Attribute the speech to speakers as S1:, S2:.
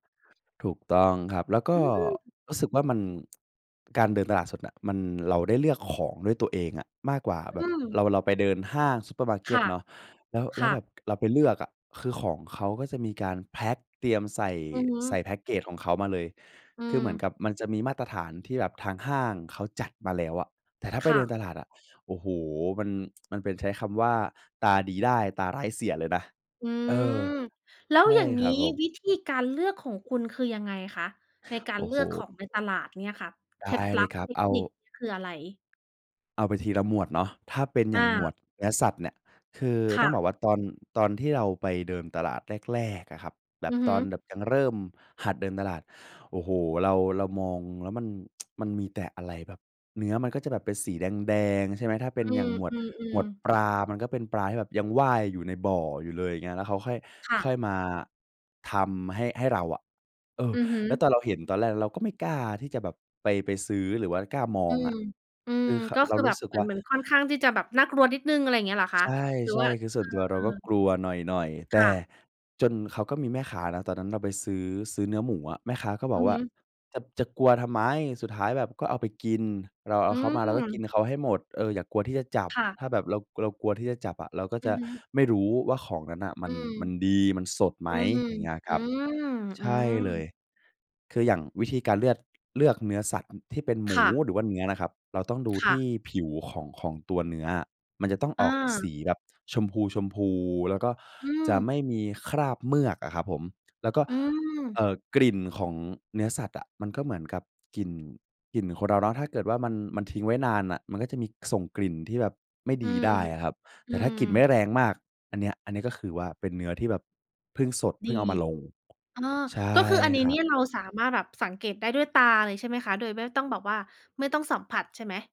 S1: ถูกต้องครับ แล้วก
S2: อ
S1: ็
S2: ืม
S1: รู้สึกว่ามัน การเดินตลาดสดน่ะมัน เราได้เลือกของด้วยตัวเองอะ มากกว่าแบ
S2: อื
S1: บ
S2: ม
S1: เรา เราไปเดินห้างซูเปอร์มาร์เก
S2: ค่
S1: ต
S2: ะ
S1: เนาะ แล้ว แล
S2: ค
S1: ้
S2: ่
S1: วแบ
S2: ะ
S1: บเราไปเลือกอะ คือของเขาก็จะมีการแพ็ก เตรียมใส่
S2: อือฮึ
S1: ใส่แพ็กเกจของเขามาเลย
S2: อื
S1: คือเหมือน
S2: ม
S1: กับมันจะมีมาตรฐานที่แบบทางห้างเขาจัดมาแล้วอะ แต่ถ้าไ
S2: ค
S1: ป
S2: ่
S1: เดิน
S2: ะ
S1: ตลาดอะ โอ้โฮ มัน มันเป็น ใช้คำว่าตาดีได้ตาร้ายเสียเลยนะ
S2: อื
S1: เออ
S2: ม แล้
S1: ใ
S2: ว
S1: ช
S2: อ
S1: ่
S2: ย่าง
S1: ค
S2: งี
S1: รั
S2: ้
S1: บผม
S2: วิธีการเลือกของคุณคือยังไงคะ ในกา
S1: โ
S2: ร
S1: อ้
S2: เล
S1: โ
S2: ือกข
S1: ฮ
S2: องในตลาดเนี่ยค่ะ
S1: ได
S2: เค
S1: ้
S2: ล็ด
S1: เ
S2: ล
S1: ล
S2: ั
S1: ย
S2: บ
S1: ครับ
S2: เท
S1: เ
S2: ค
S1: อา
S2: นิค นี่คืออะไร?
S1: เอาไปทีละหมวดเนาะ ถ้าเป็นอ
S2: อ
S1: ย่างหมว
S2: า
S1: ดเนื้อสัตว์เนี่ย คือ
S2: ค
S1: ต้
S2: ่
S1: อง
S2: ะ
S1: บอกว่าตอน ตอนที่เราไปเดินตลาดแรก ๆ อะครับ แบ
S2: อื
S1: บ
S2: อฮ
S1: ต
S2: ึ
S1: อนแบบยังเริ่มหัดเดินตลาด โอ้โฮ เรา เรามองแล้วมัน มันมีแต่อะไรแบบ เนื้อมันก็จะแบบเป็นสีแดง ๆ ใช่ไหม ถ้าเป
S2: อ
S1: ็
S2: ื
S1: นอย่า
S2: ม
S1: งหมว
S2: อ
S1: ด
S2: ื
S1: หม
S2: อ
S1: วด
S2: ๆ
S1: ปลา มันก็เป็นปลาที่แบบยังว่ายอยู่ในบ่ออยู่เลย อย่างเงี้ย แล้วเขาค่อย
S2: ค่
S1: ค่อ
S2: ะ
S1: ยมาทำให้ ให้เราอะ เออ
S2: อือฮ
S1: แล้ว
S2: ึ
S1: ตอนเราเห็นตอนแรกเราก็ไม่กล้าที่จะแบบไป ไปซื้อ หรือว่ากล้ามอ
S2: อื
S1: งอ
S2: ม
S1: ะ
S2: อืม
S1: คือ ค
S2: ก็
S1: เร
S2: ค
S1: า
S2: ือ
S1: ร
S2: แบ
S1: ู้
S2: บ
S1: สึก
S2: เหมือ
S1: ว่
S2: น
S1: า
S2: เหมือนค่อนข้างที่จะแบบน่ากลัวนิดหนึ่ง อะไรอย่างนี้เหรอค
S1: ใ
S2: ะ?
S1: ช
S2: หรือว่
S1: ่
S2: า
S1: ๆ คือส
S2: เอ
S1: ่วนตัวเรา
S2: อ
S1: ก็
S2: ๆ
S1: กลัวหน่อย ๆ แต
S2: ค
S1: ่
S2: ่ะ
S1: จนเขาก็มีแม่ค้านะ ตอนนั้นเราไปซื้อ ซื้อเนื้อหมูอะ แม่ค้าก็บ
S2: อื
S1: อก
S2: อ
S1: ว
S2: ฮ
S1: ่า
S2: ึ
S1: "จะ จะกลัวทำไม? สุดท้ายแบบก็เอาไปกิน เราเอ
S2: อื
S1: าเขามา เราก็กิน
S2: ม
S1: เขาให้หมด เออ อย่ากลัวที่จะจับ
S2: ค่ะ
S1: ถ้าแบบเรา เรากลัวที่จะจับอะ เราก็
S2: อื
S1: จ
S2: อ
S1: ะ
S2: ฮึ
S1: ไม่รู้ว่าของนั้นน่ะมั
S2: อื
S1: น
S2: ม
S1: มันดี มันสดไหม?"
S2: อืม
S1: อย่างเงี้ยค
S2: อื
S1: รับ
S2: ม
S1: ใ
S2: อ
S1: ช
S2: ื
S1: ่เล
S2: ม
S1: ย คืออย่างวิธีการเลือด เลือกเนื้อสัตว์ ที่เป็นหม
S2: ค
S1: ู
S2: ่ะ
S1: หรือว่าเนื้อนะครับ เราต้องดู
S2: ค
S1: ท
S2: ่
S1: ี
S2: ะ
S1: ่ผิวของ ของตัวเนื้ออะ มันจะต้อง
S2: อ
S1: ออกส
S2: า
S1: ีแบบชมพู ๆ แล้วก็
S2: อื
S1: จะไม
S2: ม
S1: ่มีคราบเมือกอะครับผม แล้วก็
S2: อื
S1: เอ
S2: ม
S1: ่อ กลิ่นของเนื้อสัตว์อะ มันก็เหมือนกับกลิ่น กลิ่นคนเราเนาะ ถ้าเกิดว่ามัน มันทิ้งไว้นานน่ะ มันก็จะมี ส่งกลิ่นที่แบบไม่
S2: อื
S1: ดี
S2: ม
S1: ได้อะครับ
S2: อ
S1: แ
S2: ื
S1: ต่ถ้า
S2: ม
S1: กลิ่นไม่แรงมาก อันเนี้ย อันนี้ก็คือว่าเป็นเนื้อ ที่แบบเพิ่งสด เพ
S2: ดี
S1: ิ่งเอามาลง
S2: เออ
S1: ใช
S2: ก
S1: ่
S2: ็คืออันนี้
S1: คร
S2: เน
S1: ั
S2: ี่
S1: บ
S2: ยเราสามารถแบบสังเกตได้ด้วยตาเลย ใช่ไหมคะ โดยไม่ต้องแบบว่า ไม่ต้องสัมผัสใช่ไหม?